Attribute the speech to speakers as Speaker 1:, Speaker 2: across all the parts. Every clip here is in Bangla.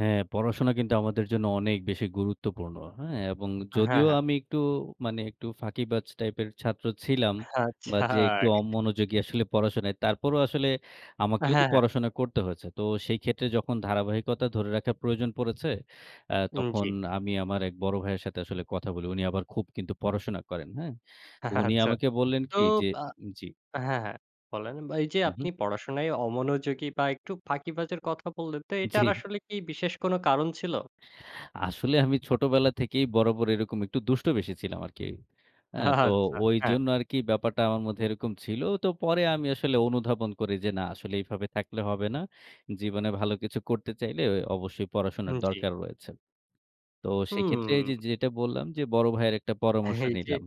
Speaker 1: হ্যাঁ, পড়াশোনা কিন্তু আমাদের জন্য অনেক বেশি গুরুত্বপূর্ণ, হ্যাঁ? এবং
Speaker 2: হ্যাঁ,
Speaker 1: যদিও
Speaker 2: হ্যাঁ।
Speaker 1: আমি একটু, মানে একটু ফাঁকিবাজ টাইপের ছাত্র ছিলাম বা
Speaker 2: আচ্ছা।
Speaker 1: যে, একটু অমনোযোগী আসলে পড়াশোনা, তারপরেও আসলে
Speaker 2: হ্যাঁ,
Speaker 1: আমাকেও তো
Speaker 2: হ্যাঁ।
Speaker 1: পড়াশোনা করতে হয়েছে। তো সেই ক্ষেত্রে যখন ধারাবাহিকতা ধরে রাখার প্রয়োজন পড়েছে, আ
Speaker 2: উম
Speaker 1: তখন
Speaker 2: জ্বি।
Speaker 1: আমি আমার এক বড় ভাইয়ের সাথে আসলে কথা বলি। উনি আবার খুব কিন্তু পড়াশোনা করেন। হ্যাঁ? তো উনি
Speaker 2: আচ্ছা।
Speaker 1: আমাকে বললেন
Speaker 2: তো,
Speaker 1: কি যে,
Speaker 2: আ
Speaker 1: উ-উম জি।
Speaker 2: হ্যাঁ, হ্যাঁ, বলেন। বা এই যে,
Speaker 1: হুম,
Speaker 2: আপনি
Speaker 1: হুম।
Speaker 2: পড়াশোনায় অমনোযোগী বা একটু ফাঁকিবাজের কথা বললেন, তো
Speaker 1: জ্বি।
Speaker 2: এটার আসলে কি বিশেষ কোন কারণ ছিল?
Speaker 1: আসলে আমি ছোটবেলা থেকেই বরাবর এরকম একটু দুষ্ট বেশি ছিলাম আরকি। অ্যা তো
Speaker 2: আচ্ছা, হ্যাঁ।
Speaker 1: ঐজন্য আরকি ব্যাপারটা আমার মধ্যে এরকম ছিল। তো পরে আমি আসলে অনুধাবন করি যে, "না, আসলে এভাবে থাকলে হবে না। জীবনে ভালো কিছু করতে চাইলে অবশ্যই
Speaker 2: উম
Speaker 1: পড়াশোনার
Speaker 2: জ্বি।
Speaker 1: দরকার রয়েছে।" তো সেক্ষেত্রে যে,
Speaker 2: হুম।
Speaker 1: যেটা বললাম যে, বড় ভাইয়ের একটা পরামর্শ
Speaker 2: এই যে।
Speaker 1: নিলাম।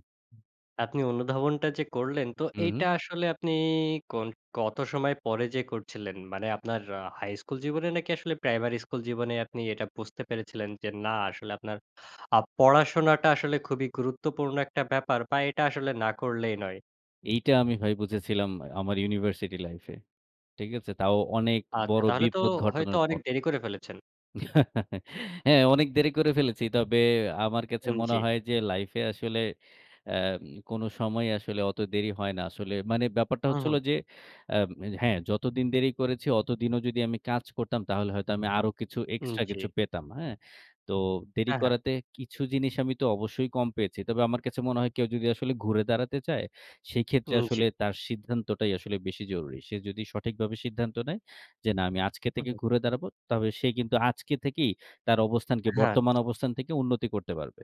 Speaker 2: আপনি অনুধাবনটা যে, করলেন, তো
Speaker 1: হুম,
Speaker 2: এইটা
Speaker 1: হুম।
Speaker 2: আসলে আপনি কোন কত সময় পরে যেয়ে করছিলেন? মানে আপনার আ হাই স্কুল জীবনে, নাকি আসলে প্রাইমারি স্কুল জীবনে আপনি এটা বুঝতে পেরেছিলেন যে, না, আসলে আপনার আ পড়াশোনাটা আসলে খুবই গুরুত্বপূর্ণ একটা ব্যাপার বা এটা আসলে না করলেই নয়?
Speaker 1: এইটা আমি ভাই বুঝেছিলাম আমার ইউনিভার্সিটি লাইফ এ। ঠিক আছে? তাও অনেক
Speaker 2: আচ্ছা,
Speaker 1: বড়
Speaker 2: তাহলে তো
Speaker 1: বিপদ
Speaker 2: হয়তো
Speaker 1: ঘটানোর
Speaker 2: অনেক
Speaker 1: পর
Speaker 2: দেরি করে ফেলেছেন?
Speaker 1: হ্যাঁ, অনেক দেরি করে ফেলেছি। তবে আমার কাছে
Speaker 2: আন
Speaker 1: মনে
Speaker 2: জ্বি।
Speaker 1: হয় যে, লাইফ এ আসলে, অ্যাম কোন সময় আসলে অত দেরি হয় না। আসলে মানে ব্যাপারটা
Speaker 2: হুম,
Speaker 1: হচ্ছে
Speaker 2: হুম।
Speaker 1: হলো যে, আম এ হ্যাঁ, যতদিন দেরি করেছি, অতদিনও যদি আমি কাজ করতাম? তাহলে হয়তো আমি আরো কিছু,
Speaker 2: উম
Speaker 1: এক্সট্রা কিছু
Speaker 2: জ্বি।
Speaker 1: পেতাম। হ্যাঁ? তো দেরি
Speaker 2: হ্যাঁ, হ্যাঁ।
Speaker 1: করাতে কিছু জিনিস আমি তো অবশ্যই কম পেয়েছি। তবে আমার কাছে মনে হয়, কেউ যদি আসলে ঘুরে দাঁড়াতে চায়? সেক্ষেত্রে
Speaker 2: উম জ্বি।
Speaker 1: আসলে তার সিদ্ধান্তটাই আসলে বেশি জরুরি। সে যদি সঠিকভাবে সিদ্ধান্ত নেয়? যে, "না আমি আজকে
Speaker 2: হু,
Speaker 1: থেকে
Speaker 2: হুম।
Speaker 1: ঘুরে দাঁড়াবো।" তবে সে কিন্তু আজকে থেকেই তার অবস্থানকে,
Speaker 2: হ্যাঁ।
Speaker 1: বর্তমান অবস্থান থেকে উন্নতি করতে পারবে।